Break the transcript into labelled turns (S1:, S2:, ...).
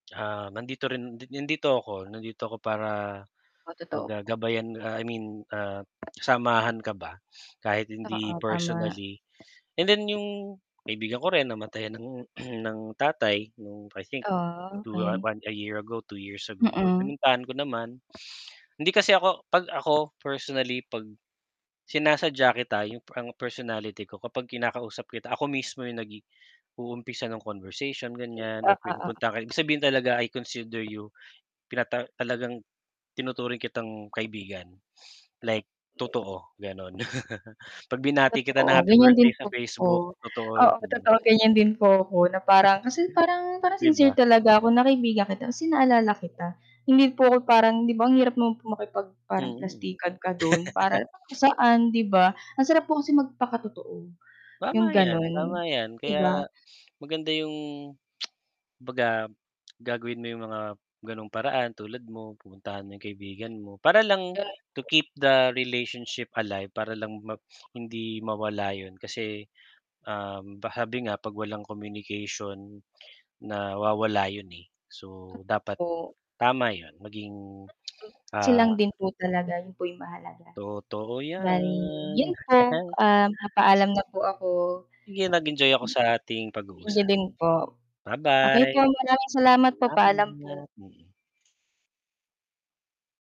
S1: Ah, nandito rin nandito ako nandito ako para,
S2: Oh, totoo
S1: 'baga
S2: po.
S1: gabayan ah, I mean, ah, samahan ka ba kahit hindi
S2: Oo, tama.
S1: personally, and then 'yung kaibigan ko rin namatayan ng, ng tatay nung I think, 2
S2: Okey.
S1: 1 a year ago, 2 years ago. So
S2: Mm.
S1: pinuntahan ko naman. Hindi kasi ako 'pag ako personally 'pag sinasadya kita, 'yung parang personality ko kapag kinakausap kita ako mismo 'yung nagi uumpisa ng conversation ganiyan
S2: Oo,
S1: or
S2: oo.
S1: pinupuntahan ka ibig sabihin talaga I consider you, pinata talagang tinuturing kitang kaibigan, like totoo, gano'n. 'Pag binati kita ng
S2: Totoo,
S1: happy
S2: ganiyan
S1: birthday
S2: din
S1: sa
S2: po ako.
S1: Facebook totoo,
S2: Oo,
S1: mm.
S2: totoo ganiyan din po ako na parang kasi parang parang
S1: 'Di
S2: sincere
S1: ba.
S2: talaga ako na kaibigan kita kasi naalala kita. Hindi po ako parang 'di ba ang hirap naman po makipag parang
S1: Hmm.
S2: plastikan ka do'n para saan 'di ba? Ang sarap po kasi magpakatotoo, 'yung
S1: Tama 'yan, tama
S2: gano'n
S1: 'yan.
S2: 'di ba?
S1: Kaya maganda 'yung, 'baga gagawin mo 'yung mga ganung paraan tulad mo pupuntahan mo 'yung kaibigan mo, para lang to
S2: [unintelligible]
S1: keep the relationship alive, para lang ma hindi mawala 'yun, kasi, um, pa sabi nga 'pag walang communication nawawala 'yun, eh, so dapat
S2: O
S1: tama 'yun maging,
S2: [unintelligible]
S1: ah
S2: Silang din po talaga 'yun po 'yung mahalaga.
S1: Totoo
S2: Bali,
S1: 'yan.
S2: 'yun po, ah, papaalam na po ako.
S1: 'Yun nag-enjoy ako sa ating
S2: Hmm. Thank you
S1: pag-uusap.
S2: din po. Okey po,
S1: Ba-bye!
S2: maraming salamat po. Paalam po.
S1: Salamat, mm.